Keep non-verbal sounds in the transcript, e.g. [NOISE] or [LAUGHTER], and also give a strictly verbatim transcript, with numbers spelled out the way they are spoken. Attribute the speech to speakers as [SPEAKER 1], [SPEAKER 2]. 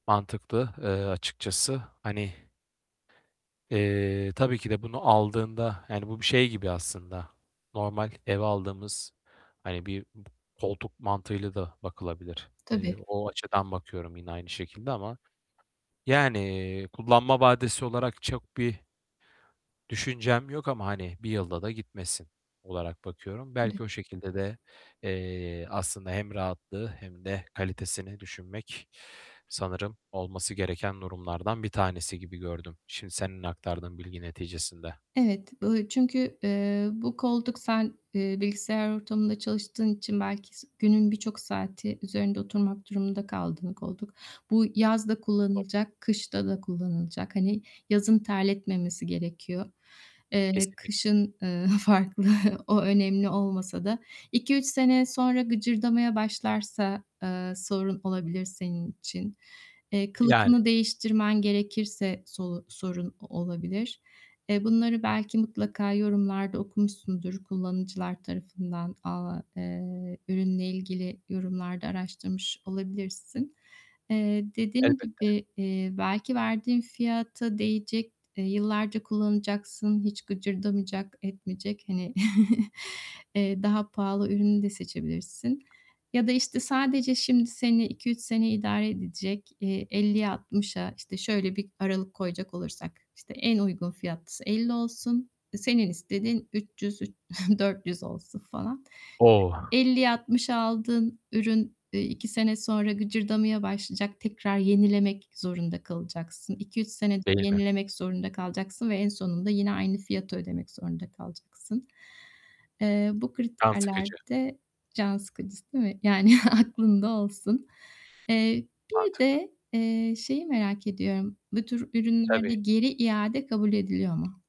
[SPEAKER 1] Mantıklı, ııı, açıkçası. Hani Eee, tabii ki de bunu aldığında, yani bu bir şey gibi aslında normal eve aldığımız hani bir b koltuk mantığıyla da bakılabilir. Eee,
[SPEAKER 2] Tabii.
[SPEAKER 1] o açıdan bakıyorum yine aynı şekilde ama yani kullanma vadesi olarak çok bir düşüncem yok ama, hani, bir yılda da gitmesin olarak bakıyorum.
[SPEAKER 2] Tabii.
[SPEAKER 1] Belki o şekilde de, eee, aslında hem rahatlığı hem de kalitesini düşünmek sanırım olması gereken durumlardan bir tanesi gibi gördüm şimdi senin aktardığın bilgi neticesinde.
[SPEAKER 2] Evet. Bu çünkü, eee, bu koltuk sen, eee, bilgisayar ortamında çalıştığın için belki s günün birçok saati üzerinde oturmak durumunda kaldığın koltuk. Bu yaz da
[SPEAKER 1] [UNINTELLIGIBLE]
[SPEAKER 2] kullanılacak kışta da kullanılacak. Hani yazın terletmemesi gerekiyor. Eee,
[SPEAKER 1] Kesinlikle.
[SPEAKER 2] kışın, ııı, farklı. O önemli olmasa da iki üç sene sonra gıcırdamaya başlarsa, ııı, sorun olabilir senin için. Eee,
[SPEAKER 1] Yani.
[SPEAKER 2] kılıfını değiştirmen gerekirse solu sorun o olabilir. Eee, bunları belki mutlaka yorumlarda okumuşsundur kullanıcılar tarafından, aaa, eee, ürünle ilgili yorumlarda araştırmış olabilirsin. Eee, dediğim
[SPEAKER 1] Elbette.
[SPEAKER 2] gibi, eee, belki verdiğin fiyata değecek, eee, yıllarca kullanacaksın, hiç gıcırdamayacak, etmeyecek, hani, [CHUCKLES] eee, daha pahalı ürünü de seçebilirsin ya da, işte, sadece şimdi seni iki üç sene idare edecek, eee, elliye altmışa işte, şöyle bir aralık koyacak olursak, işte, en uygun fiyatlısı elli olsun. Senin istediğin üç yüz, ü [CHUCKLES] dört yüz olsun falan.
[SPEAKER 1] O!
[SPEAKER 2] elliye altmışa aldığın ürün, iii, iki sene sonra gıcırdamaya başlayacak tekrar yenilemek zorunda kalacaksın. İki üç senede
[SPEAKER 1] Değil mi?
[SPEAKER 2] yenilemek zorunda kalacaksın ve en sonunda yine aynı fiyatı ödemek zorunda kalacaksın. Eee, bu
[SPEAKER 1] Can
[SPEAKER 2] kriterler
[SPEAKER 1] sıkıcı.
[SPEAKER 2] de can sıkıcı s değil mi? Yani, aklında olsun. Eee, bir
[SPEAKER 1] Artık.
[SPEAKER 2] de, eee, şeyi merak ediyorum; bu tür
[SPEAKER 1] Tabii.
[SPEAKER 2] ürünlerde geri iade kabul ediliyor mu?